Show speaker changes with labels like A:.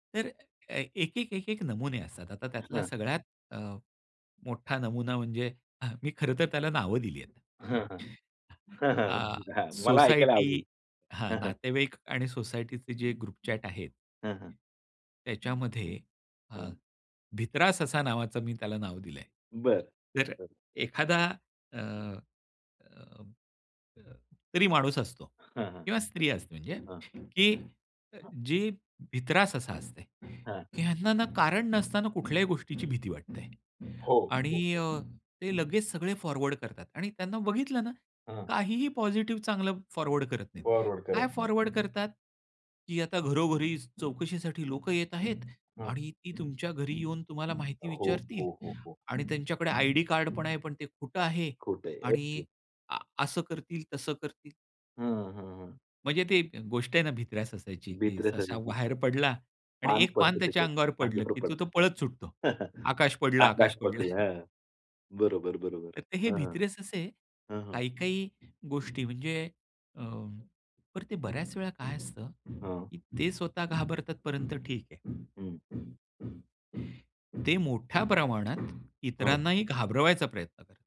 A: तर अ, एक, एक, एक, एक नमुने असतात, आता त्यातला
B: हां.
A: सगळ्यात अ, मोठा नमुना म्हणजे मी खरंतर त्याला नावं दिली आहेत.
B: हां, हां. हां, हां.
A: अ,
B: [unintelligible] मला ऐकायला
A: सोसायटी
B: आवडेल.
A: हां,
B: हां, हां.
A: नातेवाईक आणि सोसायटीचे जे ग्रुप चॅट आहेत.
B: हां, हां.
A: त्याच्यामध्ये अ,
B: हं.
A: भित्रा ससा असा नावाचा मी त्याला नाव दिलंय.
B: बरं.
A: तर
B: बरं.
A: एखादा अ, अ, अ, तरी माणूस असतो
B: हां, हां.
A: किंवा स्त्री असते म्हणजे,
B: हां.
A: की जे भित्रा ससा असते,
B: हां.
A: की ह्यांना ना, कारण नसताना कुठल्याही गोष्टीची भीती वाटते
B: हो, हो,
A: आणि
B: हो.
A: अ, ते लगेच सगळे फॉरवर्ड करतात आणि त्यांना बघितलं ना
B: हां.
A: काहीही पॉझिटिव्ह चांगलं फॉरवर्ड करत नाहीत.
B: फॉरवर्ड करत
A: काय
B: नाही.
A: फॉरवर्ड करतात, की आता घरोघरी चौकशीसाठी लोकं येत आहेत
B: हां.
A: आणि ती तुमच्या घरी येऊन तुम्हाला माहिती
B: हो,
A: विचारतील
B: हो, हो, हो.
A: आणि त्यांच्याकडे आयडी कार्ड पण आहे, पण ते खोटं आहे
B: खोटं आहे.
A: आणि
B: अगदी.
A: आ, असं करतील तसं करतील.
B: हां, हां, हां.
A: म्हणजे ती गोष्ट आहे ना भित्र्या सशाची की
B: भित्र्या
A: ससा
B: सशाची.
A: बाहेर पडला आणि
B: पान
A: एक पान
B: पडतं
A: त्याच्या अंगावर
B: त्याच्यावर
A: पडलं
B: अंगावर
A: की तो
B: पडतं.
A: पळत सुटतो. आकाश पडला, आकाश
B: आकाश पडला.
A: पडला.
B: हां, बरोबर, बरोबर.
A: तर हे
B: हां.
A: भित्रे ससे
B: हां, हां.
A: काही-काही गोष्टी म्हणजे अ, तर ते बऱ्याच वेळा काय असतं,
B: हां.
A: की ते स्वतः घाबरतात पर्यंत ठीक आहे.
B: हं.
A: ते मोठ्या प्रमाणात
B: हां.
A: इतरांनाही घाबरवायचा प्रयत्न करत.